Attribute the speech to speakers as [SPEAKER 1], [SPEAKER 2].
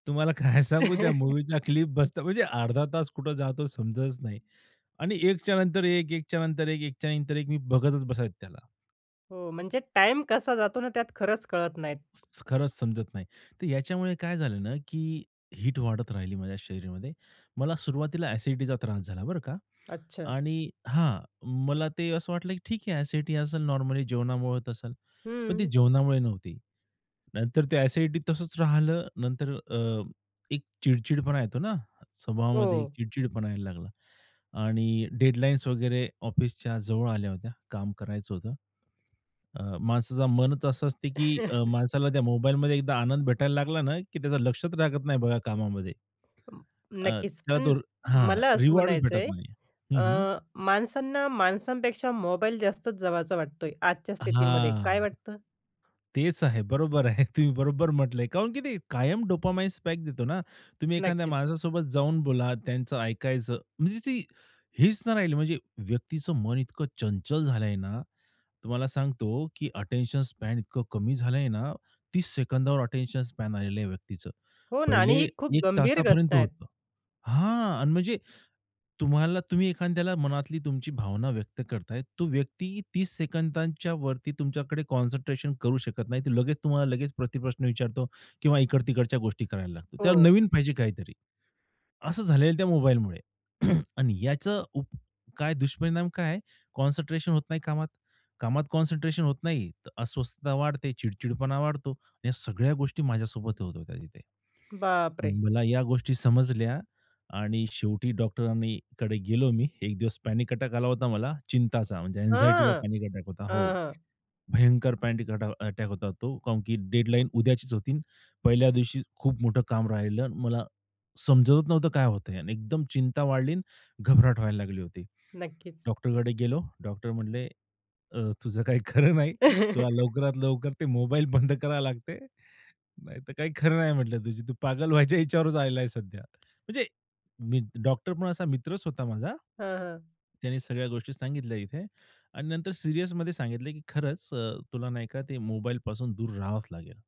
[SPEAKER 1] तुम्हाला काय सांगू त्या मूव्हीचा क्लिप बसता म्हणजे अर्धा तास कुठं जातो समजतच नाही. आणि एकच्या नंतर एक, एकच्या नंतर एक, एकच्या नंतर एक मी बघतच बसायचं त्याला.
[SPEAKER 2] हो. म्हणजे टाईम कसा जातो ना, त्यात खरंच कळत नाहीत.
[SPEAKER 1] खरंच समजत नाही. तर याच्यामुळे काय झालं ना, की हीट वाढत राहिली माझ्या शरीरामध्ये. मला सुरुवातीला एसिडिटीचा त्रास झाला, बरं का.
[SPEAKER 2] अच्छा.
[SPEAKER 1] आणि हां. मला ते असं वाटलं, की ठीक आहे एसिडिटी असेल नॉर्मली जेवणामुळे होत असेल. पण ते
[SPEAKER 2] हम्म.
[SPEAKER 1] जेवणामुळे नव्हती, नंतर ते एसिडिटी तसंच राहिले नंतर अ, एक चिड-चिडपणा येतो ना? स्वभावामध्ये
[SPEAKER 2] हो.
[SPEAKER 1] चिड-चिडपणा यायला लागला आणि डेडलाईन्स वगैरे ऑफिसच्या जवळ आल्या होत्या काम करायचं होतं. अ, माणसाचं मनच असं असतं, की अ, माणसाला त्या मोबाईलमध्ये एकदा आनंद भेटायला लागला ना, की त्याचं लक्षच राहत नाही, बघा कामामध्ये.
[SPEAKER 2] अं,
[SPEAKER 1] अ,
[SPEAKER 2] नक्कीच.
[SPEAKER 1] त्यात
[SPEAKER 2] पण
[SPEAKER 1] और हां.
[SPEAKER 2] मला असं
[SPEAKER 1] रिवॉर्ड
[SPEAKER 2] म्हणायचं
[SPEAKER 1] भेटत
[SPEAKER 2] आहे,
[SPEAKER 1] नाही. हं, हं.
[SPEAKER 2] अ, माणसांना, माणसांपेक्षा मोबाईल जास्तच जवळचा वाटतोय आजच्या स्थितीमध्ये, काय
[SPEAKER 1] हां.
[SPEAKER 2] वाटतं?
[SPEAKER 1] तेच आहे, बरोबर आहे. तुम्ही बरोबर म्हटलंय, काऊन की ते कायम डोपामाइन स्पाइक देतो ना. तुम्ही एखाद्या
[SPEAKER 2] नक्कीच.
[SPEAKER 1] माणसासोबत जाऊन बोला त्यांचं ऐकायचं, म्हणजे ती हीच नाही राहिली म्हणजे व्यक्तीचं मन इतकं चंचल झाल आहे ना. तुम्हाला सांगतो की अटेन्शन स्पॅन इतकं कमी झाल आहे ना, 30 सेकंदावर अटेन्शन स्पॅन आलेलं आहे व्यक्तीचं.
[SPEAKER 2] हो ना. आणि
[SPEAKER 1] पहिले
[SPEAKER 2] ही खूप
[SPEAKER 1] 1
[SPEAKER 2] गंभीर
[SPEAKER 1] तासापर्यंत
[SPEAKER 2] घटना आहेत.
[SPEAKER 1] होतं. हां, अन् म्हणजे, तुम्हाला तुम्ही एखाद्याला मनातली तुमची भावना व्यक्त करताय. तो व्यक्ती 30 सेकंदांच्या वरती तुमच्याकडे कॉन्सन्ट्रेशन करू शकत नाही. ते लगेच तुम्हाला लगेच प्रतिप्रश्न विचारतो किंवा इकड-तिकडच्या गोष्टी करायला लागतो. त्यावर
[SPEAKER 2] हो.
[SPEAKER 1] नवीन पाहिजे काहीतरी. असं झालेलं त्या मोबाईलमुळे आणि याचं उप काय दुष्परिणाम काय आहे. कॉन्सन्ट्रेशन होत नाही कामात, कामात कॉन्सन्ट्रेशन होत नाही. तर अस्वस्थता वाढते, चिड-चिडपणा वाढतो. या सगळ्या गोष्टी माझ्यासोबत होत होत्या तिथे.
[SPEAKER 2] बाप रे!
[SPEAKER 1] मला या गोष्टी समजल्या आणि शेवटी डॉक्टरांनी कडे गेलो मी. एक दिवस पॅनिक अटॅक आला होता मला, चिंताचा म्हणजे अँनक्झाइटीचा
[SPEAKER 2] हां,
[SPEAKER 1] पॅनिक अटॅक होता. हो.
[SPEAKER 2] हां, हां.
[SPEAKER 1] भयंकर पॅनडिक अटॅा अटॅक होता तो. काऊनकी डेडलाईन उद्याचीच होती, पहिल्या दिवशी खूप मोठं काम राहिलं. मला समजतच नव्हतं काय होतंय आणि एकदम चिंता वाढली अन् घबराट व्हायला लागली होती.
[SPEAKER 2] नक्कीच.
[SPEAKER 1] डॉक्टरकडे गेलो, डॉक्टर म्हणले, "अ, तुझं काही खरं नाही, तुला लवकरात लवकर ते मोबाईल बंद लागते. नाहीतर काही खरं नाही म्हटलं तुझी तू पागल व्हायच्या ह्याच्यावरच आलेला सध्या." म्हणजे मी डॉक्टर पण असा मित्रच होता माझा.
[SPEAKER 2] हां, हां.
[SPEAKER 1] त्यांनी सगळ्या गोष्टी सांगितल्या इथे आणि नंतर सीरियसमध्ये सांगितलं, की खरंच अ, तुला नाही का, ते मोबाईल पासून दूर रहावाच लागेल.